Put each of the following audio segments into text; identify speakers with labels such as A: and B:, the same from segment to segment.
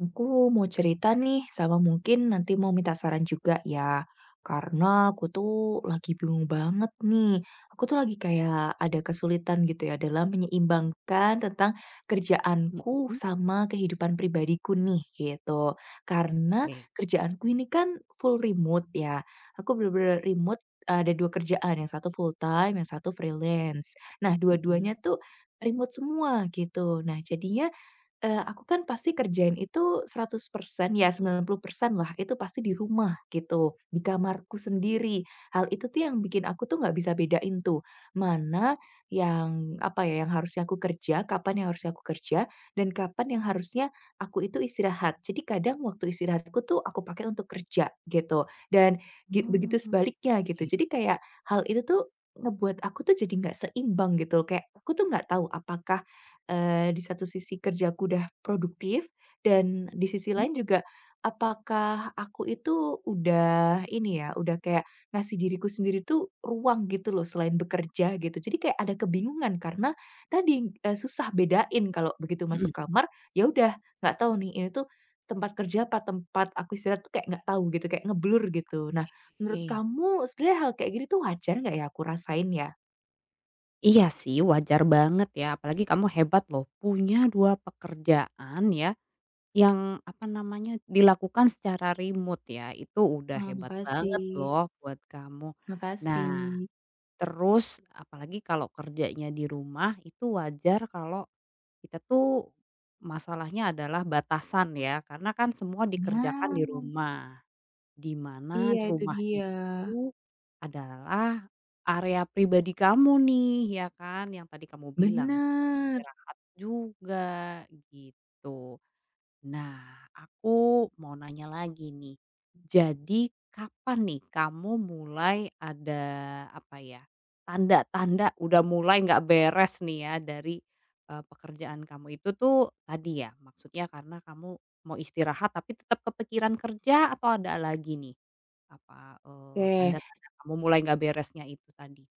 A: Aku mau cerita nih sama mungkin nanti mau minta saran juga ya, karena aku tuh lagi bingung banget nih. Aku tuh lagi kayak ada kesulitan gitu ya dalam menyeimbangkan tentang kerjaanku
B: Mhm.
A: sama kehidupan pribadiku nih, gitu. Karena
B: Oke.
A: kerjaanku ini kan full remote ya. Aku benar-benar remote ada 2 kerjaan yang satu full time yang satu freelance. Nah,
B: Mhm.
A: dua-duanya tuh remote semua gitu. Nah, jadinya, eee, aku kan pasti kerjain itu 100% ya 90%-lah itu pasti di rumah gitu, di kamarku sendiri. Hal itu tuh yang bikin aku tuh gak bisa bedain tuh, mana yang, apa ya, yang harusnya aku kerja kapan yang harusnya aku kerja dan kapan yang harusnya aku itu istirahat. Jadi kadang waktu istirahat aku tuh aku pakai untuk kerja gitu, dan gi begitu
B: Oke.
A: sebaliknya gitu. Jadi kayak hal itu tuh ngebuat aku tuh jadi enggak seimbang gitu. Kayak aku tuh gak tahu apakah, eee, di satu sisi kerjaku udah produktif dan di sisi
B: Mmm.
A: lain juga apakah aku itu udah ini ya, udah kayak ngasih diriku sendiri tuh ruang gitu loh selain bekerja gitu. Jadi kayak ada kebingungan karena tadi, eee, susah bedain kalau begitu
B: Mhm.
A: masuk kamar ya udah gak tahu nih ini tuh, tempat kerja apa tempat aku istirahat tuh kayak gak tahu gitu, kayak ngeblur gitu. Nah, menurut
B: Oke.
A: kamu sebenarnya hal kayak gini tuh wajar gak ya aku rasain ya?
B: Iya sih wajar banget ya, apalagi kamu hebat loh punya dua pekerjaan ya, yang apa namanya, dilakukan secara remote ya itu udah
A: Wah,
B: hebat banget
A: makasih.
B: loh buat kamu. Nah,
A: Makasih.
B: terus apalagi kalau kerjanya di rumah itu wajar kalau, kita tuh, masalahnya adalah batasan ya, karena kan semua dikerjakan di
A: Ya.
B: rumah, di mana
A: Iya
B: di
A: itu
B: rumah
A: dia.
B: itu, adalah area pribadi kamu nih, ya kan? Yang tadi kamu bilang tempat
A: Benar.
B: istirahat juga gitu. Nah aku mau nanya lagi nih,
A: Hmm.
B: jadi kapan nih kamu mulai ada, apa ya, tanda-tanda udah mulai enggak beres nih ya dari, eee, pekerjaan kamu itu tuh tadi ya maksudnya karena kamu mau istirahat tapi tetap kepikiran kerja atau ada lagi nih, apa, eee,
A: Oke.
B: tanda-tanda kamu mulai gak beresnya itu tadi?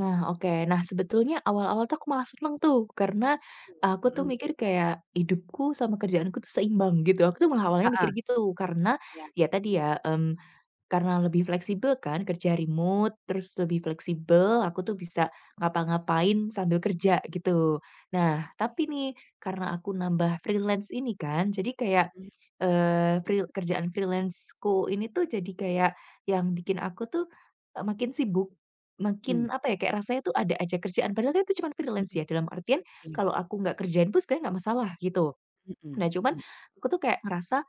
A: Nah, oke, nah sebetulnya awal-awal tuh aku malah seneng tuh, karena,
B: Itu loh,
A: aku tuh
B: mhm.
A: mikir kayak, hidupku sama kerjaanku tuh seimbang gitu. Aku tuh malah awalnya mikir
B: Heeh.
A: gitu karena
B: Ya.
A: ya tadi ya, mmm, karena lebih fleksibel kan kerja remote terus lebih fleksibel aku tuh bisa ngapa-ngapain sambil kerja gitu. Nah, tapi
B: Oke.
A: nih, karena aku nambah freelance ini kan, jadi kayak,
B: Mmm.
A: eee, fri kerjaan freelance-ku ini tuh jadi kayak, yang bikin aku tuh, e makin sibuk
B: Mmm.
A: makin, apa ya, kayak rasanya tuh ada aja kerjaan padahal kan itu cuman freelance
B: Mhm.
A: ya dalam artian
B: Iya.
A: kalau aku gak kerjain pun sebenarnya gak masalah gitu.
B: Mhm,
A: Nah, cuman,
B: mmm.
A: aku tuh kayak ngerasa,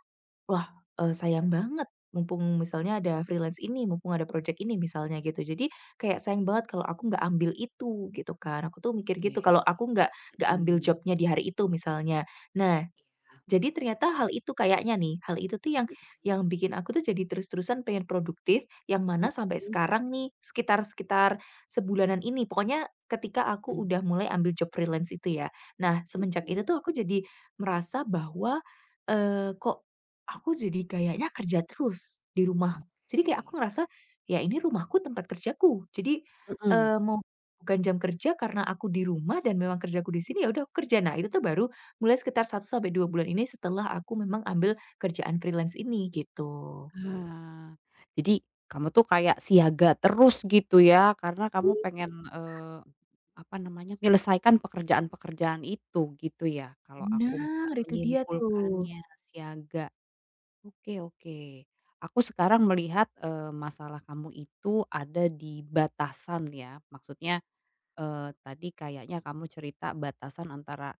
A: "Wah, eee, sayang banget mumpung misalnya ada freelance ini mumpung ada project ini" misalnya gitu. Jadi kayak sayang banget kalau aku enggak ambil itu gitu kan, aku tuh mikir
B: Oke,
A: gitu kalau aku enggak, enggak ambil
B: mhm.
A: job-nya di hari itu misalnya. Nah,
B: Iya.
A: jadi ternyata hal itu kayaknya nih, hal itu tuh yang
B: Mhm.
A: yang bikin aku tuh jadi terus-terusan pengen produktif, yang mana sampai
B: Mhm.
A: sekarang nih sekitar sekitar sebulanan ini pokoknya ketika aku
B: Mmm.
A: udah mulai ambil job freelance itu ya. Nah, semenjak
B: Mhm.
A: itu tuh aku jadi merasa bahwa, eee, "Kok, aku jadi kayaknya kerja terus di rumah". Jadi kayak
B: Oke.
A: aku ngerasa, "Ya ini rumahku tempat kerjaku" jadi,
B: Mhm.
A: eee, mau bukan jam kerja karena aku di rumah dan memang kerjaku di sini ya udah aku kerja. Nah, itu tuh baru mulai sekitar 1-2 bulan ini setelah aku memang ambil kerjaan freelance ini gitu.
B: Ah, Jadi kamu tuh kayak siaga terus gitu ya karena kamu pengen, eee, apa namanya menyelesaikan pekerjaan-pekerjaan itu gitu ya, kalau aku bisa
A: Bener, itu dia tuh.
B: menyimpulkannya siaga. Oke oke, aku sekarang melihat, eee, masalah kamu itu ada di batasan ya maksudnya, eee, tadi kayaknya kamu cerita batasan antara,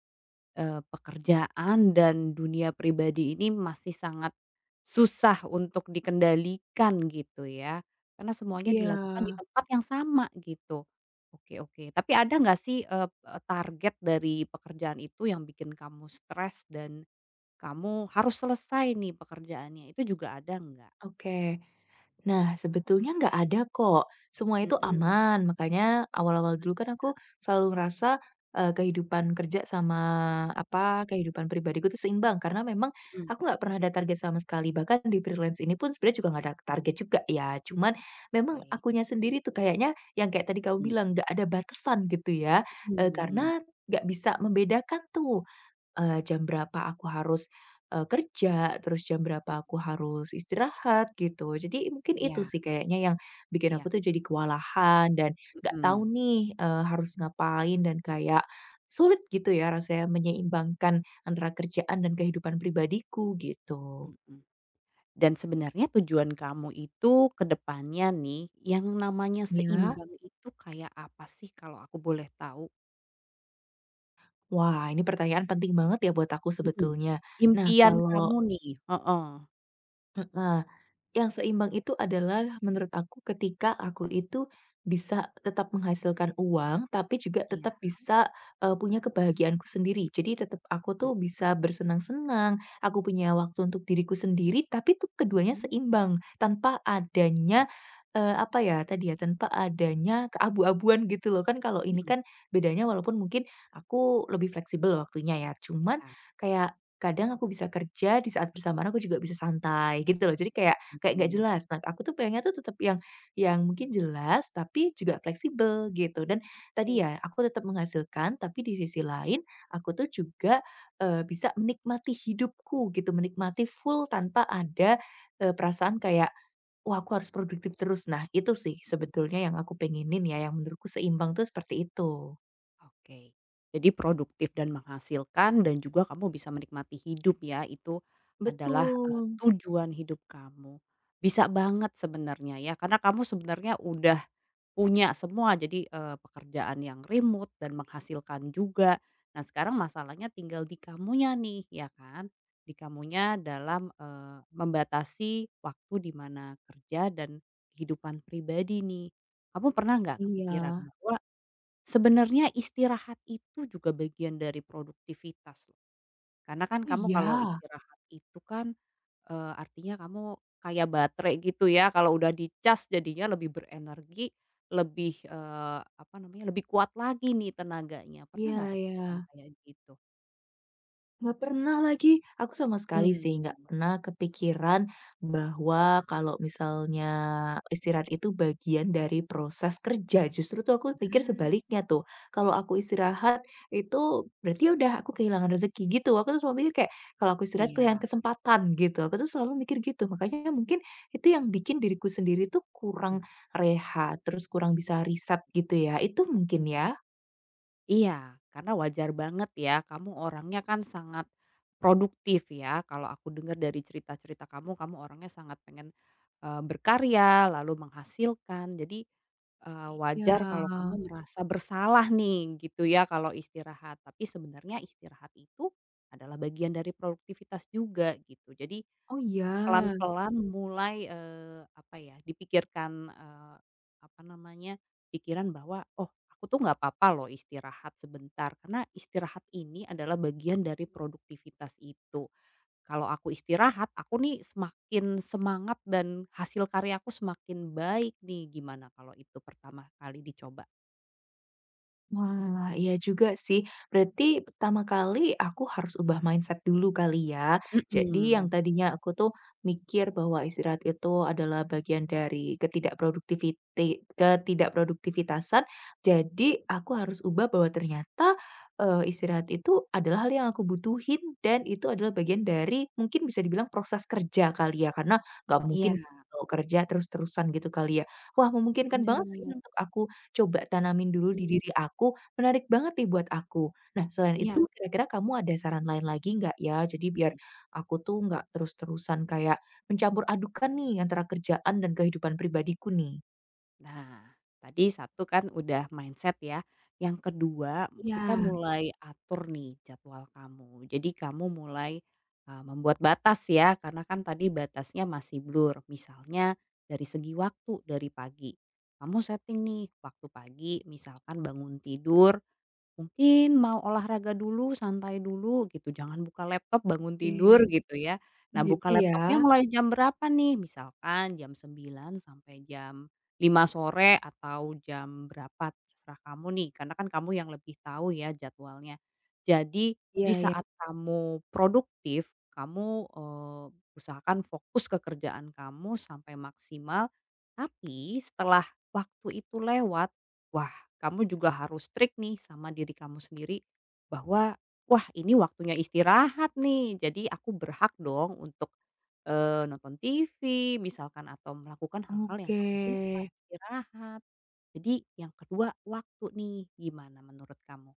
B: eee, pekerjaan dan dunia pribadi ini masih sangat, susah untuk dikendalikan gitu ya, karena semuanya dilakukan di
A: Iya.
B: tempat yang sama gitu. Oke oke. Tapi ada enggak sih, eee eee, target dari pekerjaan itu yang bikin kamu stres dan, kamu harus selesai nih pekerjaannya itu juga ada enggak?
A: Oke, nah sebetulnya enggak ada kok, semua
B: Mhm,
A: itu
B: oh, iya.
A: aman makanya awal-awal dulu kan aku selalu ngerasa, eee, kehidupan kerja sama apa, kehidupan pribadiku tuh seimbang karena memang
B: Mmm.
A: aku enggak pernah ada target sama sekali bahkan di freelance ini pun sebenarnya juga gak ada target juga ya, cuman memang
B: Oke.
A: akunya sendiri tuh kayaknya yang kayak tadi kamu
B: Mmm.
A: bilang, "Enggak ada batasan" gitu ya, eee
B: Mmm.
A: karena enggak bisa membedakan tuh, eee, jam berapa aku harus, eee, kerja terus jam
B: Mmm.
A: berapa aku harus istirahat gitu. Jadi mungkin itu
B: Iya.
A: sih kayaknya yang, bikin aku
B: Iya.
A: tuh jadi kewalahan dan gak tahu
B: Mhm.
A: nih, eee, harus ngapain dan kayak sulit gitu ya rasanya menyeimbangkan antara kerjaan dan kehidupan pribadiku gitu.
B: Mhm. Dan sebenarnya tujuan kamu itu ke depannya nih yang namanya
A: Ya.
B: seimbang itu kayak apa sih kalau aku boleh tahu?
A: Wah, ini pertanyaan penting banget ya buat aku
B: Mhm.
A: sebetulnya. Nah,
B: Impian
A: kalau
B: kamu nih. Heeh.
A: Heeh, yang seimbang itu adalah menurut aku ketika aku itu bisa tetap menghasilkan uang, tapi juga
B: Iya.
A: tetap bisa, eee, punya kebahagiaanku sendiri. Jadi tetap aku tuh
B: Mhm.
A: bisa bersenang-senang, aku punya waktu untuk diriku sendiri, tapi tuh keduanya
B: Mhm.
A: seimbang tanpa
B: Oke.
A: adanya, eee, apa ya, tadi ya, tanpa adanya keabu-abuan, gitu loh. Kan kalau ini
B: Mhm.
A: kan bedanya walaupun mungkin aku lebih fleksibel waktunya ya, cuman
B: Iya.
A: kayak kadang aku bisa kerja di saat bersamaan aku juga bisa santai gitu loh. Jadi kayak kayak gak
B: Mhm.
A: jelas. Nah, aku tuh pengennya tuh tetap yang yang mungkin jelas, tapi juga fleksibel gitu dan tadi
B: Oke.
A: ya aku tetap menghasilkan, tapi di sisi lain aku tuh juga, eee, bisa menikmati hidupku gitu, menikmati full tanpa ada, eee, perasaan kayak, "Wah, aku harus produktif terus." Nah itu sih
B: Mhm.
A: sebetulnya yang aku pengenin ya, yang menurutku seimbang tuh seperti itu.
B: Oke, jadi produktif dan menghasilkan dan juga kamu bisa menikmati hidup ya, itu adalah, eee,
A: Betul.
B: tujuan hidup kamu. Bisa banget sebenarnya ya, karena kamu sebenarnya udah punya semua jadi, eee, pekerjaan yang remote dan menghasilkan juga. Nah, sekarang masalahnya tinggal di kamunya nih, ya kan, di kamunya dalam, eee, membatasi waktu di mana kerja dan kehidupan pribadi nih. Kamu pernah nggak kepikiran
A: Iya.
B: bahwa sebenarnya istirahat itu juga bagian dari produktivitas, loh. Karena kan
A: Oh,
B: kamu kalau
A: iya.
B: istirahat itu kan, eee, artinya kamu kayak baterai, gitu ya, kalau udah dicas jadinya lebih berenergi lebih, eee, apa namanya, lebih kuat lagi nih tenaganya. Pernah
A: Iya
B: nggak kepikiran
A: iya.
B: kayak gitu?
A: Nggak pernah lagi. Aku sama sekali sih nggak
B: Mmm.
A: pernah kepikiran bahwa, kalau misalnya istirahat itu bagian dari proses kerja. Justru tuh aku pikir
B: Nah.
A: sebaliknya tuh, kalau aku istirahat itu berarti udah aku kehilangan rezeki, gitu. Aku tuh selalu mikir kayak kalau aku istirahat kehilangan
B: Iya.
A: kesempatan, gitu. Aku tuh selalu mikir gitu, makanya ya mungkin itu yang bikin diriku sendiri tuh
B: Mhm.
A: kurang rehat, terus kurang bisa reset, gitu ya? Itu mungkin, ya?
B: Iya, karena wajar banget ya kamu orangnya kan sangat produktif ya? Kalau aku dengar dari cerita-cerita kamu, kamu orangnya sangat pengen, eee berkarya lalu menghasilkan. Jadi, eee, wajar kalau
A: Iya.
B: kamu merasa bersalah nih, gitu ya kalau istirahat. Tapi sebenarnya istirahat itu adalah bagian dari produktivitas juga gitu. Jadi
A: Oh, ya?
B: pelan-pelan mulai, eee, apa ya, dipikirkan, eee, apa namanya pikiran bahwa, "Oh aku tuh nggak apa-apa loh istirahat sebentar, karena istirahat ini adalah bagian dari produktivitas itu. Kalau aku istirahat aku nih semakin semangat dan hasil karyaku semakin baik nih" gimana kalau itu pertama kali dicoba?
A: Wah, iya juga sih. Berarti, pertama kali aku harus ubah
B: Hmm.
A: mindset dulu kali ya. Jadi yang
B: Mhm.
A: tadinya aku tuh mikir bahwa istirahat itu adalah bagian dari ketidakproduktiviti ketidakproduktivitasan, jadi aku harus ubah bahwa ternyata, eee, istirahat itu adalah hal yang aku butuhin, dan itu adalah bagian dari mungkin bisa dibilang proses kerja kali ya, karena nggak mungkin
B: Iya.
A: mau kerja terus-terusan, gitu kali ya. Wah, memungkinkan banget sih
B: Benar.
A: untuk aku coba tanamin dulu di
B: Mhm.
A: diri aku. Menarik banget nih buat aku. Nah, selain
B: Iya.
A: itu kira-kira kamu ada saran lain lagi nggak ya? Jadi biar
B: Mhm.
A: aku tuh nggak terus-terusan kayak mencampuradukkan nih antara kerjaan dan kehidupan pribadiku nih.
B: Nah, tadi satu kan udah mindset ya. Yang kedua, kita
A: Iya.
B: mulai atur nih jadwal kamu. Jadi kamu mulai, eee, membuat batas ya, karena kan tadi batasnya masih blur. Misalnya dari segi waktu, dari pagi kamu setting nih, waktu pagi misalkan bangun tidur, mungkin mau olahraga dulu, santai dulu, gitu, jangan buka laptop, bangun
A: Oke.
B: tidur, gitu ya. Nah, buka
A: Begitu
B: laptopnya
A: ya.
B: mulai jam berapa nih? Misalkan jam 9:00 sampai jam 5:00 sore, atau jam berapa terserah kamu nih, karena kan kamu yang lebih tahu ya jadwalnya. Jadi, di
A: Iya iya.
B: saat kamu produktif, kamu, eee, usahakan fokus ke kerjaan kamu sampai maksimal, tapi setelah waktu itu lewat, wah, kamu juga harus strict nih, sama diri kamu sendiri bahwa, "Wah, ini waktunya istirahat nih jadi aku berhak dong untuk, eee, nonton TV, misalkan, atau melakukan hal-hal yang kamu suka,
A: Oke.
B: istirahat." Jadi, yang kedua waktu nih, gimana menurut kamu?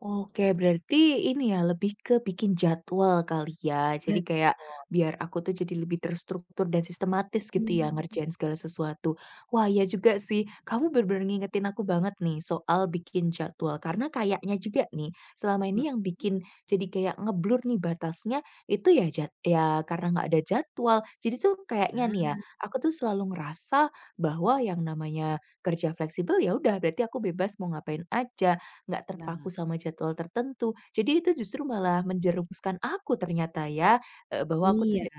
A: Oke, berarti ini ya, lebih ke bikin jadwal kali ya.
B: Betul.
A: Jadi kayak biar aku tuh jadi lebih terstruktur dan sistematis gitu ya
B: Mhm.
A: ngerjain segala sesuatu. Wah, iya juga sih. Kamu benar-benar ngingetin aku banget nih soal bikin jadwal, karena kayaknya juga nih selama
B: Mhm.
A: ini yang bikin jadi kayak nge-blur nih batasnya itu ya jad ya karena nggak ada jadwal. Jadi tuh kayaknya
B: Nah.
A: nih ya, aku tuh selalu ngerasa bahwa yang namanya kerja fleksibel ya udah berarti aku bebas mau ngapain aja, nggak terpaku
B: Nah.
A: sama jadwal tertentu. Jadi itu justru malah menjerumuskan aku ternyata ya, eee, bahwa aku tuh
B: Iya.
A: ja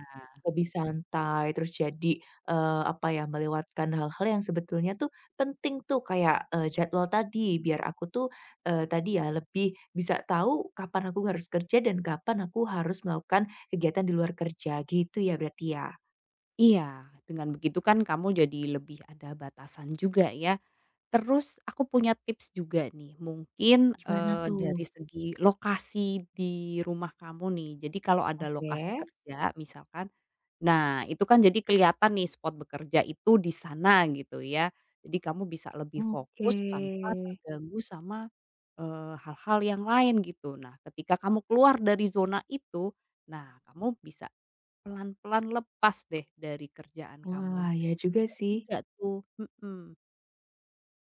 A: lebih santai, terus jadi, eee, apa ya, melewatkan hal-hal yang sebetulnya tuh penting tuh kayak, eee, jadwal tadi, biar aku tuh, eee, tadi ya lebih bisa tahu kapan aku harus kerja dan kapan aku harus melakukan kegiatan di luar kerja, gitu ya berarti ya.
B: Iya, dengan begitu kan kamu jadi lebih ada batasan juga ya. Terus, aku punya tips juga nih, mungkin,
A: Gimana
B: eee,
A: tuh?
B: dari segi lokasi di rumah kamu nih. Jadi kalau ada lokasi
A: Oke.
B: kerja misalkan, nah, itu kan jadi kelihatan nih spot bekerja itu di sana, gitu ya. Jadi kamu bisa lebih
A: Oke.
B: fokus tanpa terganggu sama, eee, hal-hal yang lain, gitu. Nah, ketika kamu keluar dari zona itu, nah, kamu bisa pelan-pelan lepas deh dari kerjaan kamu,
A: Wah,
B: bisa
A: iya juga
B: dicoba
A: sih.
B: juga tuh, mhm.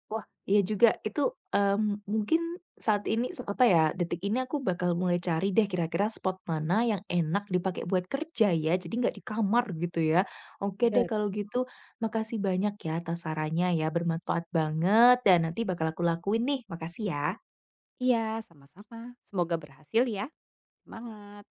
A: Wah, iya juga. Itu, mmm, mungkin saat ini se apa ya, detik ini aku bakal mulai cari deh kira-kira spot mana yang enak dipakai buat kerja ya, jadi enggak di kamar, gitu ya. Oke deh
B: Betul.
A: kalau gitu, makasih banyak ya atas sarannya ya. Bermanfaat banget dan nanti bakal aku lakuin nih. Makasih ya.
B: Iya, sama-sama, semoga berhasil ya. Semangat.